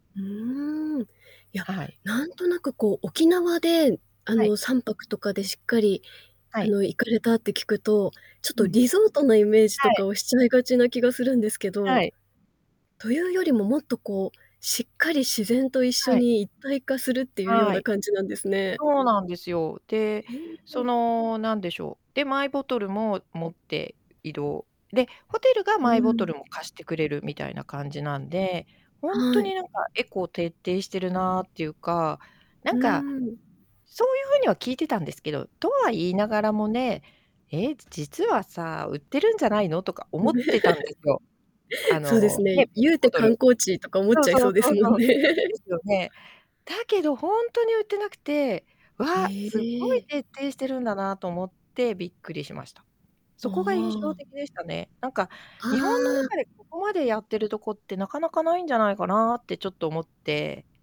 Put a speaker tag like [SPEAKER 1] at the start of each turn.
[SPEAKER 1] うーん。いや、
[SPEAKER 2] はい。
[SPEAKER 1] なんとなくこう沖縄であ
[SPEAKER 2] はい。
[SPEAKER 1] の3泊とかでしっかり
[SPEAKER 2] は
[SPEAKER 1] あ
[SPEAKER 2] い。
[SPEAKER 1] の行かれたって聞くと、ちょっ
[SPEAKER 2] う
[SPEAKER 1] と
[SPEAKER 2] ん、
[SPEAKER 1] リゾートのイメージと
[SPEAKER 2] はい。
[SPEAKER 1] かをしちゃいがちな気がするんですけど、
[SPEAKER 2] はい。
[SPEAKER 1] というよりももっとこうしっかり自然と一緒
[SPEAKER 2] はい。
[SPEAKER 1] に一体化するっていうよう
[SPEAKER 2] は
[SPEAKER 1] な
[SPEAKER 2] い、
[SPEAKER 1] 感じなんですね。
[SPEAKER 2] そうなんですよ。で、
[SPEAKER 1] え
[SPEAKER 2] そ
[SPEAKER 1] え。
[SPEAKER 2] のなんでしょう、で、マイボトルも持って移動。で、ホテルが
[SPEAKER 1] う
[SPEAKER 2] マイボトル
[SPEAKER 1] ん。
[SPEAKER 2] も貸してくれるみたいな感じなんで、ほんと
[SPEAKER 1] はい。
[SPEAKER 2] になんかエコ徹底してるなっていうか、な
[SPEAKER 1] う
[SPEAKER 2] んか、
[SPEAKER 1] ーん。
[SPEAKER 2] そういう風には聞いてたんですけど、とは言いながらもね、「え、実はさあ、売ってるんじゃないの？」とか
[SPEAKER 1] うん。
[SPEAKER 2] 思ってたんですよ。あ
[SPEAKER 1] そうです
[SPEAKER 2] の、ね、
[SPEAKER 1] ね。
[SPEAKER 2] ペッ
[SPEAKER 1] ゆ
[SPEAKER 2] ト
[SPEAKER 1] うて
[SPEAKER 2] ボトル
[SPEAKER 1] 観光地とか思っ
[SPEAKER 2] そう
[SPEAKER 1] ちゃい
[SPEAKER 2] そ
[SPEAKER 1] そ
[SPEAKER 2] う
[SPEAKER 1] うで
[SPEAKER 2] そ
[SPEAKER 1] す
[SPEAKER 2] う
[SPEAKER 1] も
[SPEAKER 2] そ
[SPEAKER 1] ん
[SPEAKER 2] う、
[SPEAKER 1] ね。
[SPEAKER 2] ですよね。だけどほんとに売ってなくて、わ、
[SPEAKER 1] へ
[SPEAKER 2] すごい
[SPEAKER 1] え。
[SPEAKER 2] 徹底してるんだなと思ってびっくりしました。
[SPEAKER 1] あ
[SPEAKER 2] そこが印象
[SPEAKER 1] あ。
[SPEAKER 2] 的でしたね。なんか、
[SPEAKER 1] あ
[SPEAKER 2] 日本の
[SPEAKER 1] あ。
[SPEAKER 2] 中でここまでやってるとこって中々無いんじゃないかなってちょっと思って